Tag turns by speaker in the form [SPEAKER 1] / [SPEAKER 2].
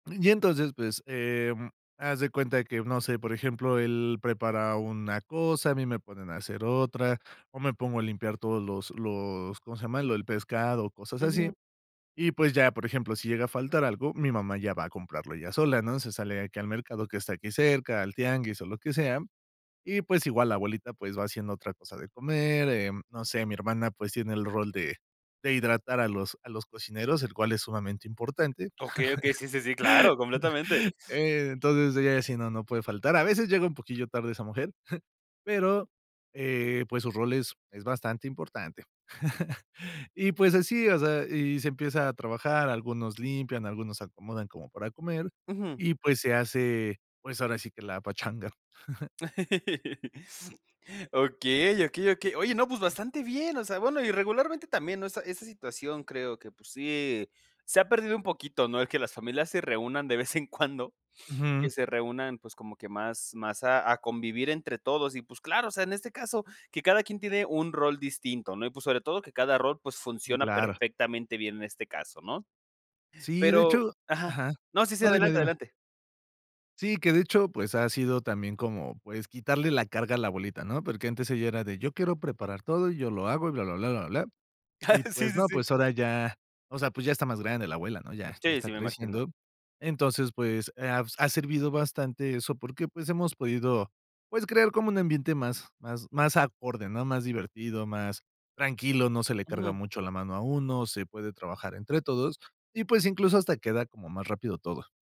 [SPEAKER 1] Y entonces, pues, em, haz de cuenta que, no sé, por ejemplo, él prepara una cosa, a mí me ponen a hacer otra, o me pongo a limpiar todos los los, ¿cómo se llama? Lo el pescado, cosas así.
[SPEAKER 2] Ujú.
[SPEAKER 1] Y, pues, ya, por ejemplo, si llega a faltar algo, mi mamá ya va a comprarlo ella sola, ¿no?, se sale aquí al mercado que está aquí cerca, al tianguis o lo que sea. Y, pues, igual la abuelita, pues, va haciendo otra cosa de comer, em, no sé, mi hermana, pues, tiene el rol de de hidratar a los a los cocineros, el cual es sumamente importante.
[SPEAKER 2] Okey, okey. Sí, sí, sí, claro, completamente.
[SPEAKER 1] Entonces ella sí, no, no puede faltar. A veces, llega un poquillo tarde esa mujer, pero, eh, pues, su rol es es bastante importante. Y, pues, así, o sea, y se empieza a trabajar, algunos limpian, algunos acomodan como para comer,
[SPEAKER 2] Ujú.
[SPEAKER 1] y, pues, se hace, pues, ahora sí que la pachanga.
[SPEAKER 2] Okey, okey, okey. Oye, no, pues, bastante bien. O sea, bueno, y regularmente, también, ¿no?, esa esa situación creo que, pues, sí se ha perdido un poquito, ¿no?, el que las familias se reúnan de vez en cuando, que
[SPEAKER 1] Ujú.
[SPEAKER 2] se reúnan, pues, como que más más a a convivir entre todos. Y, pues, claro, o sea, en este caso que cada quien tiene un rol distinto, ¿no? Y, pues, sobre todo, que cada rol pues
[SPEAKER 1] Mm,
[SPEAKER 2] funciona
[SPEAKER 1] claro.
[SPEAKER 2] perfectamente bien en este caso, ¿no?
[SPEAKER 1] Sí, de
[SPEAKER 2] Pero
[SPEAKER 1] hecho
[SPEAKER 2] ajá.
[SPEAKER 1] ajá.
[SPEAKER 2] No, sí, sí,
[SPEAKER 1] No, dime,
[SPEAKER 2] adelante,
[SPEAKER 1] dime.
[SPEAKER 2] adelante.
[SPEAKER 1] Sí, que de hecho, pues, ha sido también como, pues, quitarle la carga a la abuelita, ¿no? Porque antes ella era de: "Yo quiero preparar todo, y yo lo hago y bla, bla, blá, bla, bla, blá". Y,
[SPEAKER 2] Sí,
[SPEAKER 1] pues,
[SPEAKER 2] sí,
[SPEAKER 1] no,
[SPEAKER 2] sí.
[SPEAKER 1] pues, ahora ya, o sea, pues ya está más grande la abuela, ¿no?, ya ya
[SPEAKER 2] Sí,
[SPEAKER 1] está
[SPEAKER 2] sí, me imagino.
[SPEAKER 1] creciendo. Entonces, pues, ha ha servido bastante eso, porque, pues, hemos podido, pues, crear como un ambiente más más más acorde, ¿no?, más divertido, más tranquilo, no se le carga
[SPEAKER 2] Ujú.
[SPEAKER 1] mucho la mano a uno, se puede trabajar entre todos y, pues, incluso hasta queda como más rápido todo.